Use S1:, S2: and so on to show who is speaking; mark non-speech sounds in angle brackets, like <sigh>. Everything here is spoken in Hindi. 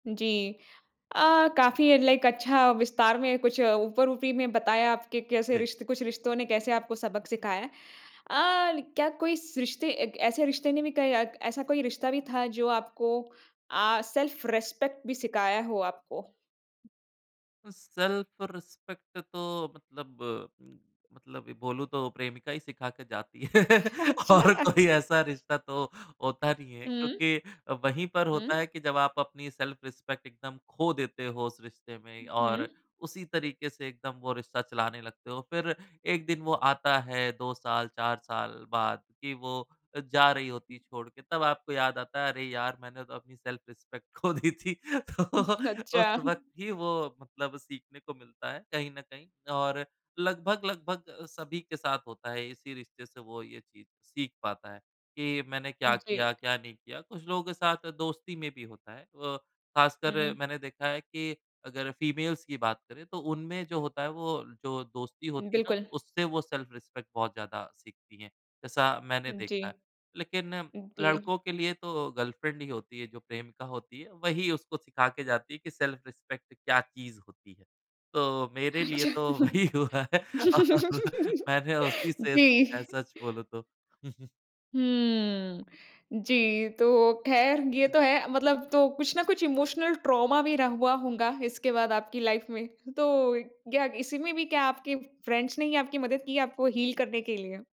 S1: जी। अ, काफ़ी एक लाइक अच्छा विस्तार में कुछ ऊपर ऊपरी में बताया आपके कैसे
S2: जी।
S1: रिश्त कुछ रिश्तों ने कैसे आपको सबक सिखाया है। अ, ल क्या कोई स रिश्ते ऐसे रिश्ते ने भी कई ऐसा कोई रिश्ता भी था जो आपको अ, सेल्फ रिस्पेक्ट भी सिखाया हो आपको?
S2: सेल्फ रिस्पेक्ट तो मतलब मतलब बोलूँ तो प्रेमिका ही सिखा के जाती है।
S1: अच्छा।
S2: और कोई ऐसा रिश्ता तो होता नहीं है
S1: हुँ।
S2: क्योंकि वहीं पर होता
S1: हुँ।
S2: है कि जब आप अपनी सेल्फ रिस्पेक्ट एकदम खो देते हो, उस रिश्ते में
S1: हुँ,
S2: और
S1: हुँ।
S2: उसी तरीके से एकदम वो रिश्ता चलाने लगते हो। फिर एक दिन वो आता है 2 साल, 4 साल बाद की वो अ, जा रही होती
S1: हुँ।
S2: है छोड़ के, तब आपको याद आता है, अरे यार मैंने तो अपनी सेल्फ रिस्पेक्ट खो दी थी तो
S1: हुँ,
S2: उस
S1: अच्छा।
S2: वक़्त ही वो मतलब सीखने को मिलता है कहीं न कहीं और लगभग लगभग सभी के साथ होता है, इसी रिश्ते से वो ये चीज़ सीख पाता है कि ये मैंने क्या
S1: जी।
S2: किया? क्या नहीं किया? कुछ लोगों के साथ दोस्ती में भी होता है। अ, खासकर
S1: हुँ।
S2: मैंने देखा है कि अगर फ़ीमेल्स की बात करें, तो उनमें जो होता है वो जो दोस्ती होती है ना
S1: बिल्कुल।
S2: उससे वो सेल्फ रिस्पेक्ट बहुत ज़्यादा सीखती हैं, जैसा मैंने
S1: जी।
S2: देखा है। लेकिन
S1: दी।
S2: लड़कों के लिए तो गर्लफ्रेंड ही होती है, जो प्रेमिका होती है, वही उसको सिखा के जाती है कि सेल्फ रिस्पेक्ट क्या चीज़ होती है। तो मेरे लिए तो
S1: अच्छा।
S2: वही हुआ है और मैंने उसी से
S1: जी।
S2: सीखा है, सच बोलूँ तो। <chuckles>
S1: हम्म, जी तो खैर ये तो है, मतलब तो कुछ ना कुछ इमोशनल ट्रोमा भी रह हुआ होंगा इसके बाद आपकी लाइफ़ में? तो यह इसी में भी क्या आपके फ्रेंड्स ने ही आपकी मदद की आपको हील करने के लिए?